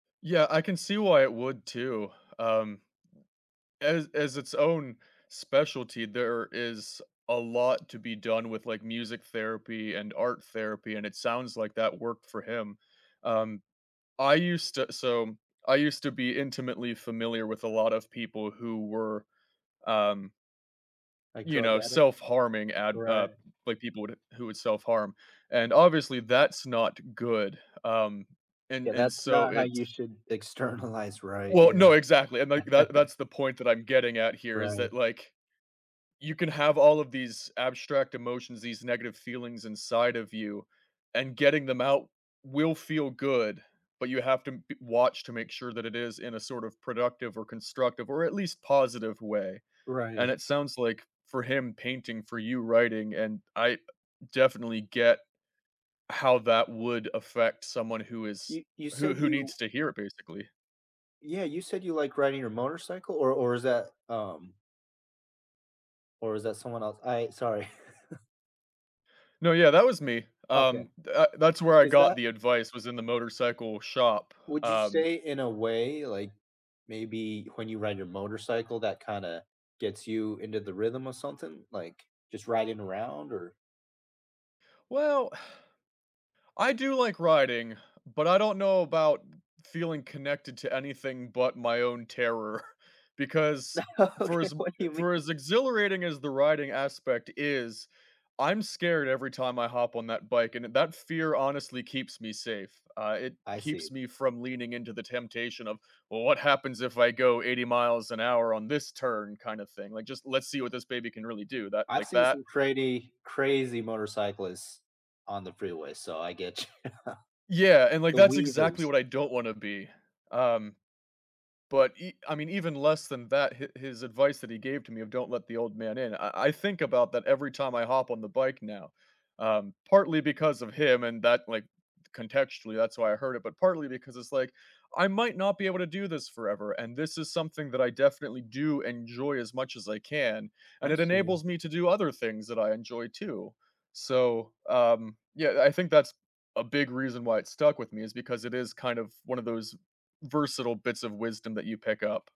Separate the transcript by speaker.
Speaker 1: Yeah, I can see why it would too, um, as as its own specialty, there is a lot to be done with, like, music therapy and art therapy, and it sounds, like, that worked for him. Um, I used to so, I used to be intimately familiar with a lot of people who were, um
Speaker 2: Like,
Speaker 1: You
Speaker 2: drug
Speaker 1: know,
Speaker 2: addicts,
Speaker 1: self-harming at uh,
Speaker 2: right.
Speaker 1: like, people who would self-harm, and obviously that's not good, um, and
Speaker 2: Yeah,
Speaker 1: and
Speaker 2: that's
Speaker 1: so
Speaker 2: not how you
Speaker 1: it's
Speaker 2: should externalize, right,
Speaker 1: Well,
Speaker 2: yeah.
Speaker 1: no exactly, and, like, that that's the point that I'm getting at here is
Speaker 2: Right.
Speaker 1: that, like, you can have all of these abstract emotions, these negative feelings inside of you, and getting them out will feel good, but, you have to be watch to make sure that it is in a sort of productive, or constructive, or at least positive way. And
Speaker 2: Right.
Speaker 1: it sounds, like, for him painting, for you writing, and I, uh, definitely get how that would affect someone who is
Speaker 2: You you
Speaker 1: who
Speaker 2: said
Speaker 1: who
Speaker 2: you
Speaker 1: needs to hear it basically.
Speaker 2: Yeah, you said you, like, riding your motorcycle, or or is that um Or is that someone else? I sorry.
Speaker 1: No, yeah, that was me,
Speaker 2: Okay,
Speaker 1: um, the that's where I
Speaker 2: is
Speaker 1: got
Speaker 2: that
Speaker 1: the advice was in the motorcycle shop,
Speaker 2: Would you
Speaker 1: um
Speaker 2: say in a way like, maybe when you ride your motorcycle, that kinda gets you into the rhythm, or something, like, just riding around or
Speaker 1: Well, I do like riding, but, I don't know about feeling connected to anything but, my own terror, because for
Speaker 2: Okay,
Speaker 1: as
Speaker 2: what do you
Speaker 1: for
Speaker 2: mean?
Speaker 1: as exhilarating as the riding aspect is, I'm scared every time I hop on that bike, and that fear honestly keeps me safe. Uh, it
Speaker 2: I
Speaker 1: keeps
Speaker 2: see.
Speaker 1: me from leaning into the temptation of "Well, what happens if I go 80 miles an hour on this turn" kind of thing. "Like, just let's see what this baby can really do" that
Speaker 2: I've
Speaker 1: like,
Speaker 2: seen
Speaker 1: that
Speaker 2: some crazy, crazy motorcyclists on the freeway, so I get you,
Speaker 1: Yeah, and, like,
Speaker 2: the
Speaker 1: that's exactly
Speaker 2: weavers.
Speaker 1: what I don't wanna be, um, but, ev I mean, even less than that, his his advice that he gave to me of don't let the old man in, I I think about that every time I hop on the bike now. Um, partly because of him and that like, contextually, that's why I heard it, but partly because it's, like, I might not be able to do this forever, and this is something that I definitely do enjoy as much as I can, and
Speaker 2: I
Speaker 1: it
Speaker 2: see.
Speaker 1: enables me to do other things that I enjoy too. So, um, yeah, I think that's a big reason why it stuck with me is because it is kind of one of those versatile bits of wisdom that you pick up.